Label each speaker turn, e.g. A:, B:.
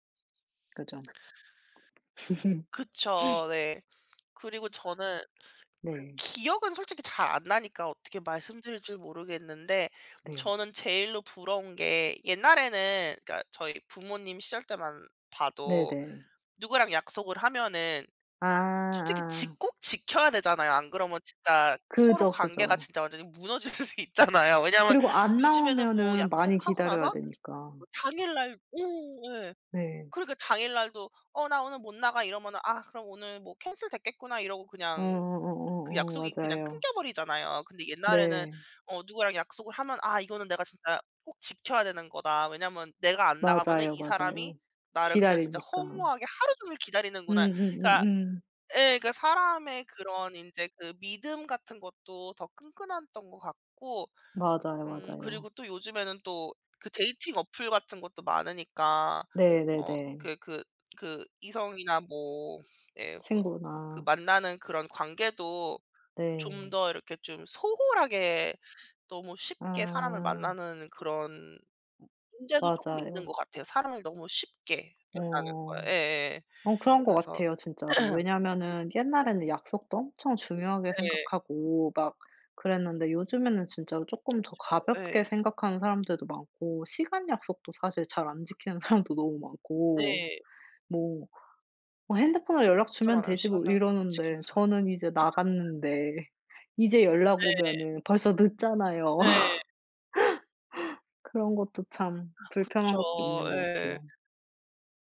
A: 그죠.
B: 그쵸. 네. 그리고 저는 그
A: 네.
B: 기억은 솔직히 잘 안 나니까 어떻게 말씀드릴지를 모르겠는데.
A: 네.
B: 저는 제일로 부러운 게 옛날에는 그러니까 저희 부모님 시절 때만 봐도
A: 네네.
B: 누구랑 약속을 하면은
A: 아
B: 솔직히
A: 아.
B: 지 꼭 지켜야 되잖아요. 안 그러면 진짜 서로
A: 그죠,
B: 관계가
A: 그죠.
B: 진짜 완전히 무너질 수도 있잖아요. 왜냐하면
A: 그리고 안
B: 요즘에는 뭐
A: 나오면은 많이
B: 약속하고
A: 기다려야
B: 나서
A: 되니까.
B: 당일날 어 예
A: 네.
B: 그러니까 당일 날도 "어 나 오늘 못 나가." 이러면은 '아 그럼 오늘 뭐 캔슬됐겠구나.' 이러고
A: 어
B: 그냥
A: 어 어
B: 그
A: 어 어
B: 약속이 그냥
A: 맞아요.
B: 끊겨버리잖아요. 근데 옛날에는
A: 네.
B: 어 누구랑 약속을 하면 '아 이거는 내가 진짜 꼭 지켜야 되는 거다. 왜냐하면 내가 안 나가면은
A: 맞아요,
B: 이 사람이
A: 맞아요.
B: 나를 그냥 진짜
A: 기다리니까.
B: 허무하게 하루 종일 기다리는구나.' 그러니까
A: 음음음음.
B: 예 그러니까 사람의 그런 인제 그 믿음 같은 것도 더 끈끈했던 것 같고.
A: 맞아요,
B: 음
A: 맞아요.
B: 그리고 또 요즘에는 또 그 데이팅 어플 같은 것도 많으니까. 어
A: 네네네.
B: 그 그 그 이성이나 뭐 예 뭐 그
A: 친구나.
B: 만나는 그런 관계도 좀
A: 네.
B: 더 이렇게 좀 소홀하게 너무 쉽게 사람을
A: 아.
B: 만나는 그런 문제도 쪼금 있는 것
A: 맞아요.
B: 같아요. 사람을 너무 쉽게 만나는 거.
A: 어.
B: 예예예.
A: 어 그런 것
B: 그래서
A: 같아요 진짜로. 왜냐하면은
B: 네.
A: 옛날에는 약속도 엄청 중요하게
B: 예.
A: 생각하고 막 그랬는데 요즘에는 진짜로 쪼끔 더
B: 그쵸.
A: 가볍게
B: 예.
A: 생각하는 사람들도 많고 시간 약속도 사실 잘 안 지키는 사람도 너무 많고
B: 네.
A: 뭐 어 '핸드폰으로 연락
B: 진짜
A: 주면
B: 많아요.
A: 되지.'
B: 시간
A: 뭐
B: 약속 안
A: 이러는데
B: 지키는 사람.
A: 저는 이제 나갔는데 이제 연락
B: 네.
A: 오면은 벌써 늦잖아요.
B: 네.
A: 그런 것도 참
B: 아
A: 불편한
B: 그쵸.
A: 것도 있는 것
B: 예.
A: 같아요.